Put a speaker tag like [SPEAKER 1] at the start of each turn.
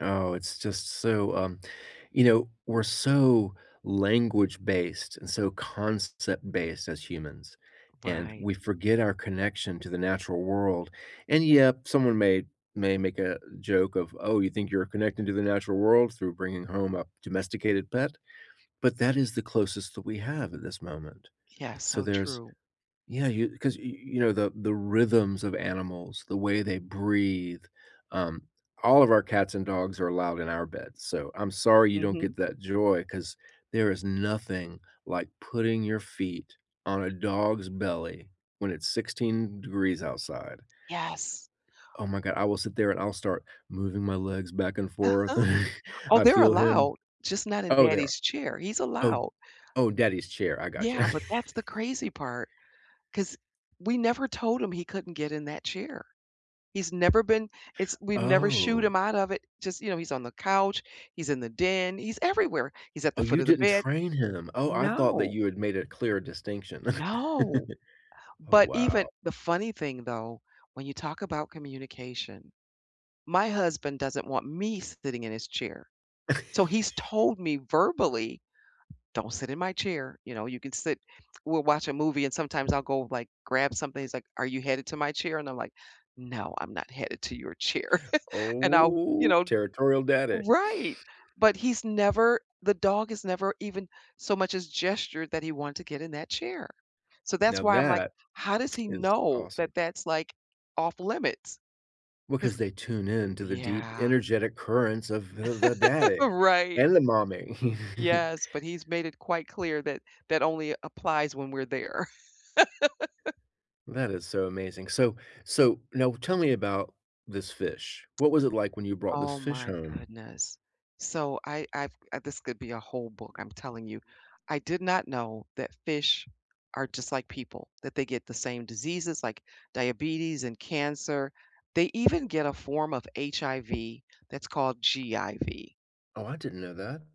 [SPEAKER 1] Oh, it's just so, um you know, we're so language based and so concept based as humans, and
[SPEAKER 2] Right.
[SPEAKER 1] we forget our connection to the natural world. And, yep, someone may may make a joke of, "Oh, you think you're connecting to the natural world through bringing home a domesticated pet?" But that is the closest that we have at this moment.
[SPEAKER 2] Yes,
[SPEAKER 1] So
[SPEAKER 2] so
[SPEAKER 1] there's
[SPEAKER 2] true.
[SPEAKER 1] yeah, you 'cause, you you know, the the rhythms of animals, the way they breathe, um, all of our cats and dogs are allowed in our beds, so, I'm sorry you don't
[SPEAKER 2] Mhm.
[SPEAKER 1] get that joy, 'cause there is nothing like putting your feet on a dog's belly when it's 16 degrees outside.
[SPEAKER 2] Yes.
[SPEAKER 1] Oh my god, I will sit there, and I'll start moving my legs back and forth.
[SPEAKER 2] Uh-huh. Oh,
[SPEAKER 1] I
[SPEAKER 2] they're
[SPEAKER 1] feel him.
[SPEAKER 2] allowed, just not in
[SPEAKER 1] Oh, there
[SPEAKER 2] daddy's chair, he's
[SPEAKER 1] Oh,
[SPEAKER 2] allowed.
[SPEAKER 1] oh, daddy's chair, I gotcha.
[SPEAKER 2] Yeah, but that's the crazy part, 'cause we never told him he couldn't get in that chair. He's never been it's we've never shooed
[SPEAKER 1] Oh.
[SPEAKER 2] him out of it. Just, you know, he's on the couch, he's in the den, he's everywhere. He's at
[SPEAKER 1] Oh,
[SPEAKER 2] the foot
[SPEAKER 1] you
[SPEAKER 2] of the
[SPEAKER 1] didn't
[SPEAKER 2] bed.
[SPEAKER 1] train him. Oh, I thought that
[SPEAKER 2] No.
[SPEAKER 1] you had made a clear distinction.
[SPEAKER 2] No.
[SPEAKER 1] Oh,
[SPEAKER 2] But even
[SPEAKER 1] wow.
[SPEAKER 2] the funny thing, though, when you talk about communication, my husband doesn't want me sitting in his chair, so he's told me verbally, "Don't sit in my chair." You know, "You can sit" we'll watch a movie and sometimes I'll go, like, grab something, he's like, "Are you headed to my chair?" and I'm like, "No, I'm not headed to your chair." and I'll, you
[SPEAKER 1] Oh,
[SPEAKER 2] know
[SPEAKER 1] territorial daddy.
[SPEAKER 2] Right. But he's never the dog has never even so much as gestured that he want to get in that chair. So that's
[SPEAKER 1] Now
[SPEAKER 2] why I'm like,
[SPEAKER 1] that
[SPEAKER 2] "How does he
[SPEAKER 1] is
[SPEAKER 2] know that
[SPEAKER 1] awesome.
[SPEAKER 2] that's, like, off limits?" 'Cause
[SPEAKER 1] Because they tune in to the deep
[SPEAKER 2] Yeah.
[SPEAKER 1] energetic currents of the the daddy
[SPEAKER 2] Right.
[SPEAKER 1] and the mommy.
[SPEAKER 2] Yes, but he's made it quite clear that that only applies when we're there.
[SPEAKER 1] That is so amazing. So so now tell me about this fish. What was it like when you brought this
[SPEAKER 2] Oh
[SPEAKER 1] fish
[SPEAKER 2] my
[SPEAKER 1] home?
[SPEAKER 2] goodness, so, I I've I've this could be a whole book, I'm telling you. I did not know that fish are just like people, that they get the same diseases like diabetes and cancer. They even get a form of HIV that's called GIV.
[SPEAKER 1] Oh, I didn't know that.